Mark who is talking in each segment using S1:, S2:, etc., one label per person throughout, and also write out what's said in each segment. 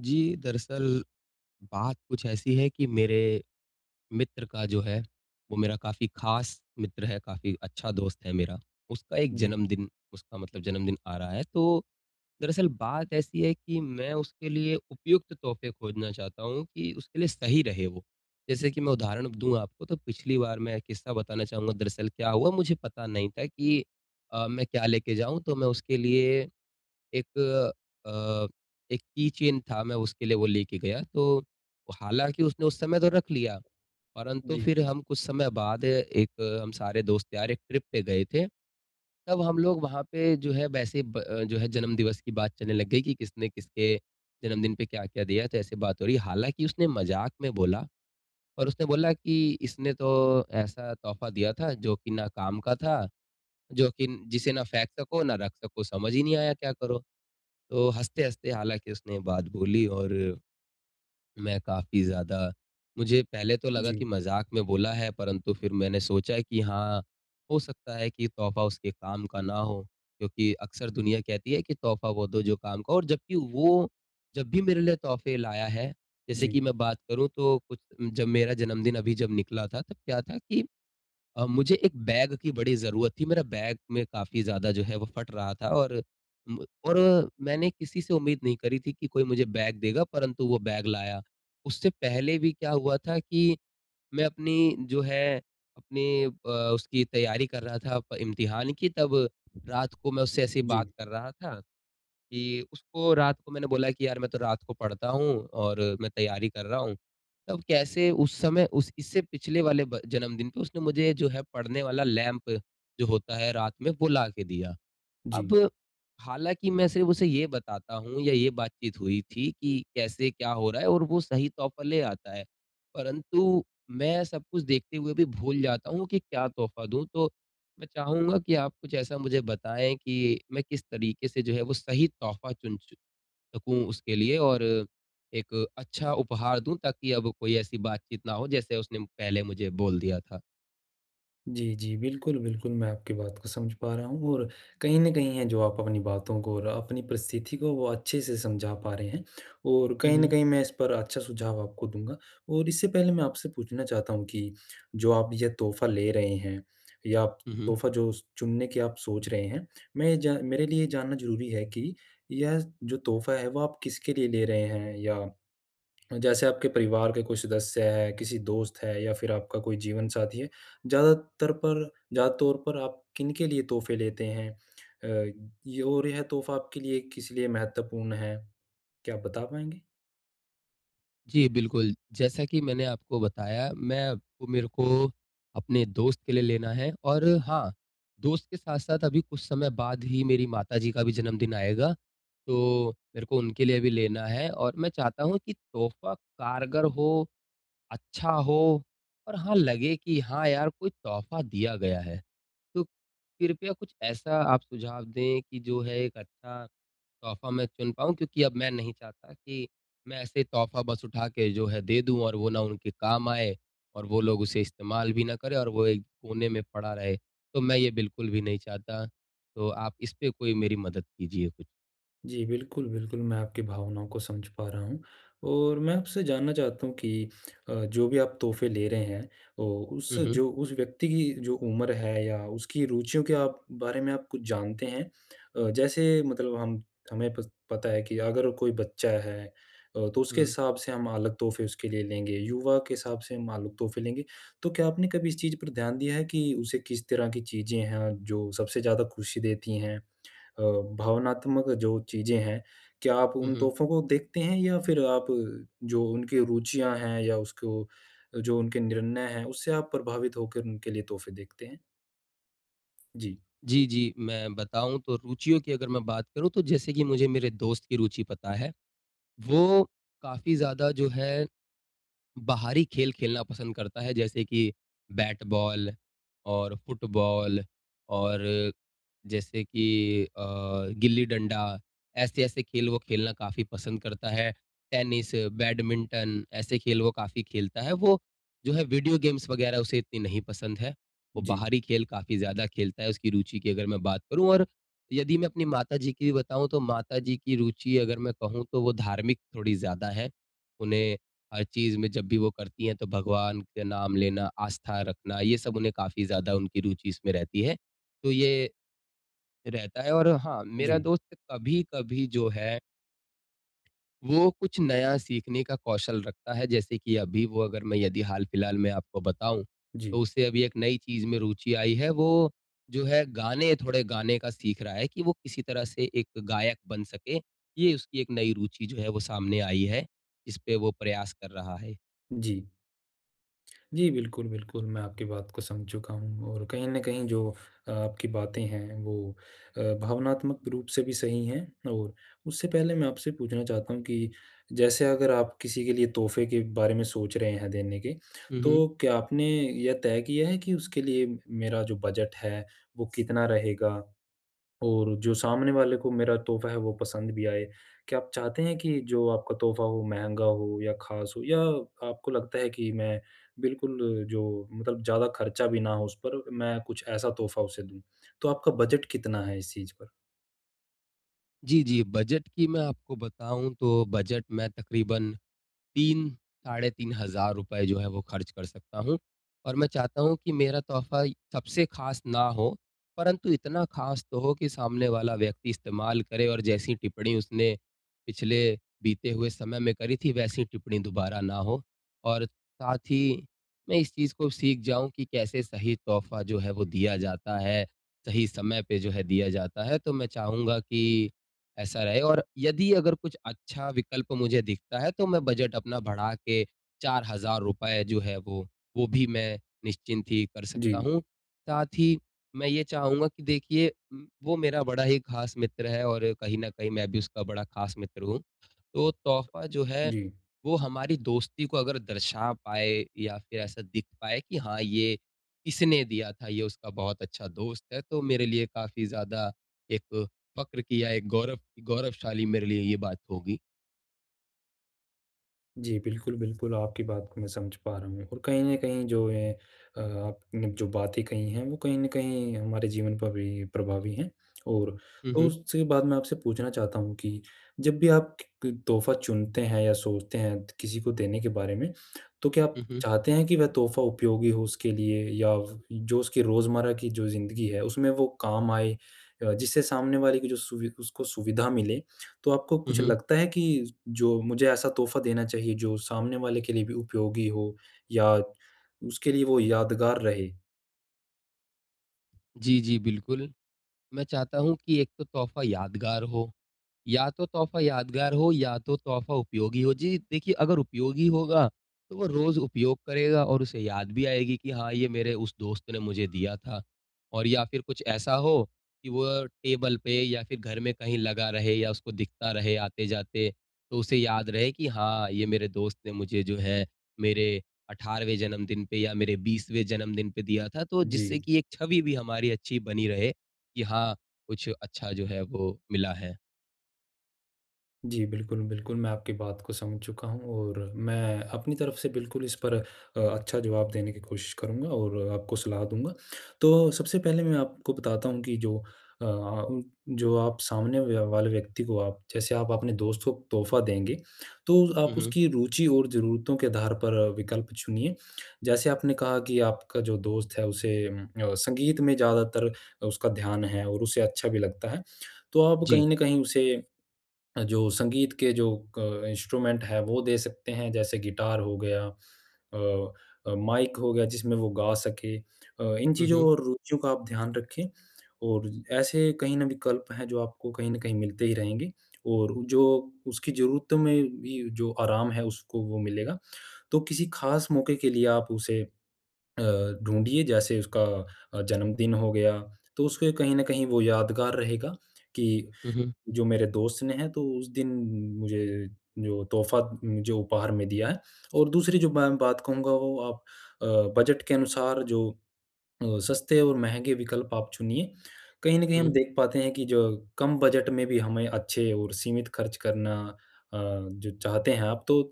S1: जी, दरअसल बात कुछ ऐसी है कि मेरे मित्र का जो है वो मेरा काफ़ी ख़ास मित्र है काफ़ी अच्छा दोस्त है मेरा। उसका एक
S2: जी।
S1: जन्मदिन उसका मतलब जन्मदिन आ रहा है तो दरअसल बात ऐसी है कि मैं उसके लिए उपयुक्त तोहफ़े खोजना चाहता हूँ कि उसके लिए सही रहे वो। जैसे कि मैं उदाहरण दूँ आपको तो पिछली बार मैं किस्सा बताना चाहूँगा दरअसल क्या हुआ मुझे पता नहीं था कि अ, मैं क्या लेके जाऊँ? तो मैं उसके लिए। एक अ, एक कीचेन था मैं उसके लिए वो लेके गया। तो हालाँकि उसने उस समय तो रख लिया। परंतु
S2: जी।
S1: फिर हम कुछ समय बाद एक हम सारे दोस्त यार एक ट्रिप पे गए थे। तब हम लोग वहाँ पे जो है वैसे ब अ, जो है जन्म दिवस की बात चलने लग गयी की किसने-किसके जन्मदिन पे क्या-क्या दिया? तो ऐसे बात हो रही है। हालाँकि उसने मज़ाक में बोला और उसने बोला की, "इसने तो ऐसा तोहफ़ा दिया था जो की ना काम का था, जो कि जिसे ना फेंक सको ना रख सको समझ ही नहीं आया क्या करो?" तो हँसते-हँसते हालाँकि उसने बात बोली और, मैं काफ़ी ज़्यादा मुझे पहले तो लगा कि
S2: जी।
S1: मज़ाक में बोला है परंतु फिर मैंने सोचा कि हाँ, हो सकता है की तोहफ़ा उसके काम का ना हो। क्योंकि अक्सर दुनिया कहती है कि तोहफ़ा वो दो जो काम का और जबकि वो जब भी मेरे लिए तोहफ़े लाया है जैसे
S2: जी।
S1: कि मैं बात करूँ तो कुछ जब मेरा जन्मदिन अभी जब निकला था तब क्या था कि अ, मुझे एक बैग की बड़ी ज़रूरत थी। मेरा बैग में काफ़ी ज़्यादा जो है वो फट रहा था और म और मैंने किसी से उम्मीद नहीं करी थी की कोई मुझे बैग देगा परंतु वो बैग लाया। उससे पहले भी क्या हुआ था कि मैं अपनी जो है अपनी अ, उसकी तैयारी कर रहा था अ, प इम्तिहान की तब रात को मैं उससे ऐसे ही बात
S2: जी।
S1: कर रहा था, कि उसको रात को मैंने बोला कि यार मैं तो रात को पढ़ता हूँ और मैं तैयारी कर रहा हूँ। तब कैसे उस समय उस इससे पिछले वाले ब जन्मदिन पे उसने मुझे जो है पढ़ने वाला लैंप जो होता है रात में वो ला के दिया।
S2: जी।
S1: अब हालाँकि मैं सिर्फ उसे ये बताता हूँ या ये बातचीत हुई थी कि कैसे क्या हो रहा है और वो सही तौर पर ले आता है। परंतु मैं सब कुछ देखते हुए भी भूल जाता हूँ की क्या तोहफ़ा दूँ, तो मैं चाहूँगा की आप कुछ ऐसा मुझे बताए की मैं किस तरीके से जो है वो सही तोहफ़ा चुन चु सकूँ उसके लिए और एक अच्छा उपहार दूँ ताकि अब कोई ऐसी बातचीत ना हो जैसे उसने पहले मुझे बोल दिया था।
S2: जी, जी। बिल्कुल, बिल्कुल। मैं आपकी बात को समझ पा रहा हूँ, और कहीं न कहीं है जो आप अपनी बातों को और अ, अपनी परिस्थिति को, वो अच्छे से समझा पा रहे हैं। और
S1: हुँ,
S2: कहीं न
S1: हुँ।
S2: कहीं मैं इस पर अच्छा सुझाव आपको दूँगा, और इससे पहले मैं आपसे पूछना चाहता हूँ कि जो आप ये तोहफ़ा ले रहे हैं, या आप
S1: हुँ, हुँ।
S2: तोहफ़ा जो स चुनने की आप सोच रहे हैं, मैं ये जा मेरे लिए जानना ज़रूरी है कि यह जो तोहफ़ा है, वो आप किसके लिए ले रहे हैं? या जैसे आपके परिवार के कोई सदस्य हैं, किसी दोस्त है या फिर आपका कोई जीवन साथी है, ज़्यादातर पर ज़्यादा तौर पर आप किनके लिए तोहफ़े लेते हैं? अ, य और यह तोहफ़ा आपके लिए किस लिए महत्वपूर्ण है, क्या आप बता पाएँगे?
S1: जी, बिल्कुल। जैसा कि मैंने आपको बताया, मैं आपको मेरे को अपने दोस्त के लिए लेना है। और हाँ, दोस्त के साथ-साथ अभी कुछ समय बाद ही मेरी माताजी का भी जन्मदिन आएगा, तो मेरे को उनके लिए भी लेना है। और मैं चाहता हूँ कि तोहफ़ा कारगर हो, अच्छा हो और हाँ, लगे कि हाँ यार, कोई तोहफ़ा दिया गया है। तो कृपया आप कुछ ऐसा आप सुझाव दें कि जो है एक अच्छा तोहफ़ा में चुन पाऊँ क्योंकि अब में नहीं चाहता कि में ऐसे तोहफ़ा बस उठा के जो है दे दूँ, और वो ना उनके काम आए, और वो लोग उसे इसतमाल भी न करें और वो एक कोने में पड़ा रहे। तो मैं ये बिल्कुल भी नहीं चाहता। तो आप इस पे कोई मेरी मदद कीजिए कुछ।
S2: जी। बिल्कुल, बिल्कुल, मैं आपकी भावनाओं को समझ पा रहा हूँ। और मैं आपसे जानना चाहता हूँ कि अ, जो भी आप तोहफ़े ले रहे हैं ओ, उस
S1: हुँ, हुँ।
S2: जो उस व्यक्ति की जो उम्र है या उसकी रुचियों के आप बारे में आप कुछ जानते हैं? अ, जैसे मतलब हम हमें पस पता है कि अगर कोई बच्चा है अ, तो उसके
S1: हुँ।
S2: हिसाब से हम अलग तोहफ़े उसके लिए लेंगे, युवा के हिसाब से हम अलग तोहफ़े लेंगे। तो क्या आपने कभी इस चीज़ पर ध्यान दिया है कि उसे किस तरह की चीज़ें हैं जो सबसे ज़्यादा खुशी देती हैं? अ, भावनात्मक जो चीज़ें हैं, क्या आप
S1: हुँ,
S2: उन
S1: हुँ।
S2: तोहफ़ो को देखते हैं या फिर आप जो उनके रुचियाँ हैं या उसको अ, जो उनके निर्णय हैं, उससे आप प्रभावित होकर उनके लिए तोहफ़े देखते हैं? जी।
S1: जी, जी। मैं बताऊँ तो रुचियों की अगर मैं बात करूँ तो जैसे कि मुझे मेरे दोस्त की रुचि पता है। वो काफ़ी ज़्यादा जो है बाहरी खेल खेलना पसंद करता है, जैसे कि बैट-बॉल और फुटबॉल और जैसे कि अ, गिल्ली-डंडा, ऐसे-ऐसे खेल वो खेलना काफ़ी पसंद करता है। टेनिस, बैडमिंटन, ऐसे खेल वो काफ़ी खेलता है। वो जो है वीडियो गेम्स वग़ैरह उसे इतनी नहीं पसंद है, वो
S2: जी।
S1: बाहरी खेल काफ़ी ज़्यादा खेलता है उसकी रुचि की अगर मैं बात करूँ। और यदि मैं अपनी माता जी की बताऊँ, तो माता जी की रुचि अगर मैं कहूँ तो वो धार्मिक थोड़ी ज़्यादा हैं। उन्हें हर चीज़ में जब भी वो करती हैं तो भगवान के नाम लेना, आस्था रखना, ये सब उन्हें काफ़ी ज़्यादा उनकी रुचि इसमें रहती है। तो ये, रहता है और हाँ, मेरा
S2: जी।
S1: दोस्त कभी-कभी जो है वो कुछ नया सीखने का कौशल रखता है जैसे कि अभी वो अगर मैं यदि हाल-फिलहाल मैं आपको बताऊँ, तो
S2: जी।
S1: उससे अभी एक नई चीज़ में रूचि आई है वो जो है गाने थोड़े गाने का सीख रहा है कि वो किसी तरह से एक गायक बन सके। ये उसकी एक नई रूचि जो है वो सामने आई है, जिसपे वो प्रयास कर रहा है।
S2: जी। जी बिल्कुल, बिल्कुल, मैं आपकी बात को समझ चुका हूँ और कहीं न कहीं जो अ, आपकी बातें हैं वो अ, भावनात्मक रूप से भी सही है। और उससे पहले मैं आपसे पूछना चाहता हूँ कि जैसे अगर आप किसी के लिए तोहफ़े के बारे में सोच रहे हैं देने के,
S1: हुँ, हुँ।
S2: तो क्या आपने यह तय किया है कि उसके लिए मेरा जो बजट है, वो कितना रहेगा? और जो सामने वाले को मेरा तोहफ़ा है वो पसंद भी आए। क्या आप चाहते हैं कि जो आपका तोहफ़ा हो, महँगा हो या ख़ास हो? या आपको लगता है कि मैं बिल्कुल जो मतलब ज़्यादा खर्चा भी ना हो उस पर मैं कुछ ऐसा तोहफ़ा उसे दूँ। तो आपका बजट कितना है इस चीज़ पर?
S1: जी, जी। बजट की मैं आपको बताऊँ तो बजट में तक़रीबन 3 साढ़े ₹3000 जो है वो खर्च कर सकता हूँ। और मैं चाहता हूँ कि मेरा तोहफ़ा सबसे खास ना हो परंतु इतना ख़ास तो हो कि सामने वाला व्यक्ति इस्तेमाल करे और जैसी टिप्पणी उसने, पिछले बीते हुए समय में करी थी वैसी टिप्पणी दोबारा ना हो। और साथ ही मैं इस चीज़ को सीख जाऊँ कि कैसे सही तोहफ़ा जो है वो दिया जाता है, सही समय पे जो है दिया जाता है। तो मैं चाहूँगा कि ऐसा रहे, और यदि अगर कुछ अच्छा विकल्प मुझे दिखता है तो मैं बजट अपना बढ़ा के ₹4000 जो है वो, वो भी मैं निश्चिंत ही कर सकता
S2: जी।
S1: हूँ। साथ ही मैं ये चाहूँगा कि देखिए उम, वो मेरा बड़ा ही ख़ास मित्र है और कहीं न कहीं मैं भी उसका बड़ा ख़ास मित्र हूँ। तो तोहफ़ा जो है,
S2: जी।
S1: वो हमारी दोस्ती को अगर दर्शा पाए या फिर ऐसा दिख पाए कि हाँ, ये इसने दिया था, ये उसका बहुत अच्छा दोस्त है, तो मेरे लिए काफ़ी ज़्यादा एक फक्र की एक गौरव गौरवशाली मेरे लिए ये बात होगी।
S2: जी बिल्कुल, बिल्कुल आपकी बात को मैं समझ पा रहा हूँ और कहीं न कहीं जो है अ, आपने जो बातें कही हैं, वो कहीं न कहीं हमारे जीवन पर भी प्रभावी हैं। और
S1: हुँ,
S2: तो
S1: हुँ।
S2: उसके बाद मैं आपसे पूछना चाहता हूँ कि जब भी आप क तोहफ़ा चुनते हैं या सोचते हैं किसी को देने के बारे में। तो क्या आप
S1: हुँ, हुँ।
S2: चाहते हैं कि वह तोहफ़ा उपयोगी हो उसके लिए या जो उसकी रोज़मर्रा की जो ज़िंदगी है उसमें वो काम आए। अ, जिससे सामने वाले की जो सुवि उसको सुविधा मिले, तो आपको
S1: हुँ,
S2: कुछ
S1: हुँ।
S2: लगता है कि जो मुझे ऐसा तोहफ़ा देना चाहिए जो सामने वाले के लिए भी उपयोगी हो या उसके लिए वो यादगार रहे?
S1: जी, जी। बिल्कुल, मैं चाहता हूँ कि एक तो तोहफ़ा यादगार हो या तो तोहफ़ा यादगार हो या तो तोहफ़ा उपयोगी हो। जी, देखिए अगर उपयोगी होगा, तो वो रोज़ उपयोग करेगा और उसे याद भी आएगी कि हाँ, ये मेरे उस दोस्त ने मुझे दिया था। और या फ़िर कुछ ऐसा हो कि वो टेबल पे या फ़िर घर में कहीं लगा रहे या उसको दिखता रहे आते-जाते। तो उसे याद रहे कि हाँ, ये मेरे दोस्त ने मुझे जो है मेरे 18वें जन्मदिन पे या मेरे 20वें जन्मदिन पे दिया था। तो जिससे
S2: जी।
S1: कि एक छवि भी हमारी अच्छी बनी रहे कि हाँ, कुछ अच्छा जो है वो मिला है।
S2: जी। बिल्कुल, बिल्कुल मैं आपकी बात को समझ चुका हूँ और मैं अपनी तरफ से बिल्कुल इस पर अ, अच्छा जवाब देने की कोशिश करूँगा और अ, आपको सलाह दूँगा। तो सबसे पहले मैं आपको बताता हूँ कि जो अ अ, जो आप सामने वा वाले व्यक्ति को आप जैसे आप अपने दोस्त को तोहफ़ा देंगे, तो
S1: हुँ,
S2: आप
S1: हुँ।
S2: उसकी रुचि और ज़रूरतों के आधार पर अ, विकल्प चुनिए। जैसे आपने कहा कि आपका जो दोस्त है, उसे उम, अ, संगीत में ज़्यादातर उसका ध्यान है और उसे अच्छा भी लगता है। तो आप कहीं
S1: जी।
S2: न कहीं उसे अ, जो संगीत के जो क इंस्ट्रूमेंट है, वो दे सकते हैं, जैसे गिटार हो गया, अ अ, माइक हो गया जिसमें वो गा सके, अ, इन
S1: हुँ,
S2: चीज़ों
S1: हुँ।
S2: और रुचियों का आप ध्यान रखें। और ऐसे कहीं न कहीं विकल्प हैं जो आपको कहीं न कहीं मिलते ही रहेंगे और जो उसकी ज़रूरतों में भी जो आराम है, उसको वो मिलेगा। तो किसी ख़ास मौके के लिए आप उसे अ, ढूँढिए जैसे उसका अ, जन्मदिन हो गया, तो उसके कहीं न कहीं वो यादगार रहेगा कि
S1: हुँ, हुँ।
S2: जो मेरे दोस्त ने है, तो उस दिन मुझे जो तोहफ़ा जो उपहार में दिया है। और दूसरी जो मैं बात कहूँगा वो आप अ, बजट के अनुसार जो अ, सस्ते और महँगे विकल्प आप चुनिए। कहीं न कहीं हम
S1: हुँ।
S2: देख पाते हैं कि जो कम बजट में भी हमें अच्छे और सीमित खर्च करना। अ, जो चाहते हैं आप, तो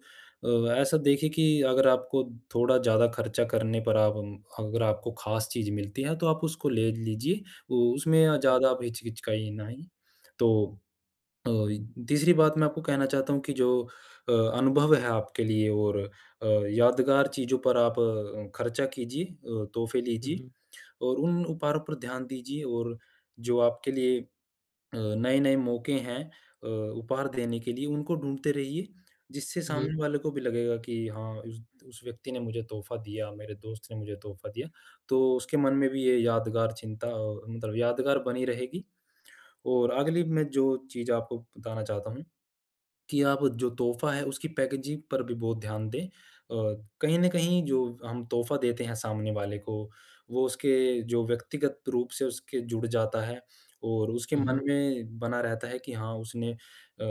S2: अ, ऐसा देखिए कि अगर आपको थोड़ा ज़्यादा खर्चा करने पर आप अगर आपको ख़ास चीज़ मिलती है, तो आप उसको ले लीजिए, वो उसमें
S1: हुँ।
S2: ज़्यादा आप हिचकिचकाइनई। तो अ, तीसरी बात मैं आपको कहना चाहता हूँ कि जो अ, अनुभव है आपके लिए और अ, यादगार चीज़ों पर आप अ, खर्चा कीजिए, अ, तोहफ़े
S1: हुँ,
S2: लीजिए
S1: हुँ।
S2: और उन उपहारों पर ध्यान दीजिए और जो आपके लिए अ, नए-नए मौके हैं अ, उपहार देने के लिए उनको ढूँढते रहिए। जिससे
S1: हुँ, हुँ।
S2: सामने वाले को भी लगेगा कि हाँ उस उस व्यक्ति ने मुझे तोहफ़ा दिया, मेरे दोस्त ने मुझे तोहफ़ा दिया, तो उसके मन में भी ये यादगार चिंता मतलब यादगार बनी रहेगी। और अगली मैं जो चीज़ आपको बताना चाहता हूँ कि आप जो तोहफ़ा है उसकी पैकेजिंग पर भी बहुत ध्यान दें अ, कहीं न कहीं जो हम तोहफ़ा देते हैं सामने वाले को, वो उसके जो व्यक्तिगत रूप से उसके जुड़ जाता है और उसके
S1: हुँ,
S2: मन
S1: हुँ।
S2: में बना रहता है कि हाँ, उसने अ,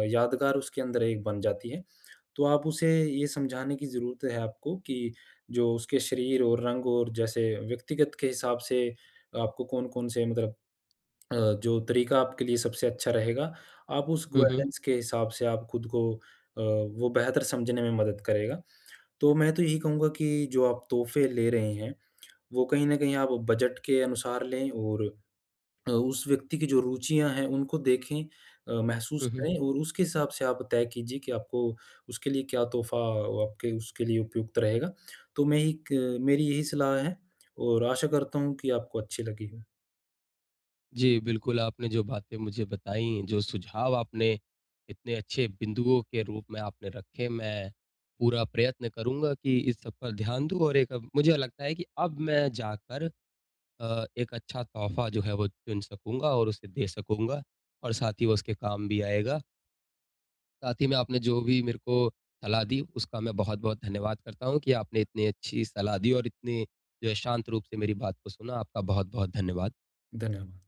S2: यादगार उसके अंदर एक बन जाती है। तो आप उसे ये समझाने की ज़रूरत है आपको कि जो उसके शरीर और रंग और जैसे व्यक्तिगत के हिसाब से आपको कौन-कौन से मतलब अ, जो तरीका आपके लिए सबसे अच्छा रहेगा, आप उस
S1: हुँ, हुँ।
S2: गवर्नेंस के हिसाब से आप खुद को अ, वो बेहतर समझने में मदद करेगा। तो मैं तो यही कहूँगा कि जो आप तोहफ़े ले रहे हैं वो कहीं न कहीं आप बजट के अनुसार लें और अ, उस व्यक्ति की जो रुचियाँ हैं उनको देखें अ, महसूस
S1: हुँ, हुँ।
S2: करें और उसके हिसाब से आप तय कीजिए कि आपको उसके लिए क्या तोहफ़ा अ, वाक़ई उसके लिए उपयुक्त रहेगा। तो मैं एक मेरी यही सलाह है और आशा करता हूँ कि आपको अच्छी लगेगी।
S1: जी। बिल्कुल, आपने जो बातें मुझे बताईं, जो सुझाव आपने इतने अच्छे बिंदुओं के रूप में आपने रखे, मैं पूरा प्रयत्न करूँगा कि इस सब पर ध्यान दूँ। और एक मुझे लगता है कि अब मैं जाकर अ, एक अच्छा तोहफ़ा जो है वो चुन सकूँगा और उसे दे सकूँगा और साथ ही वो उसके काम भी आएगा। साथ ही में आपने जो भी मेरे को सलाह दी, उसका मैं बहुत-बहुत धन्यवाद करता हूँ कि आपने इतनी अच्छी सलाह दी और इतनी जो शांत रूप से मेरी बात को सुना, आपका बहुत-बहुत धन्यवाद।
S2: धन्यवाद।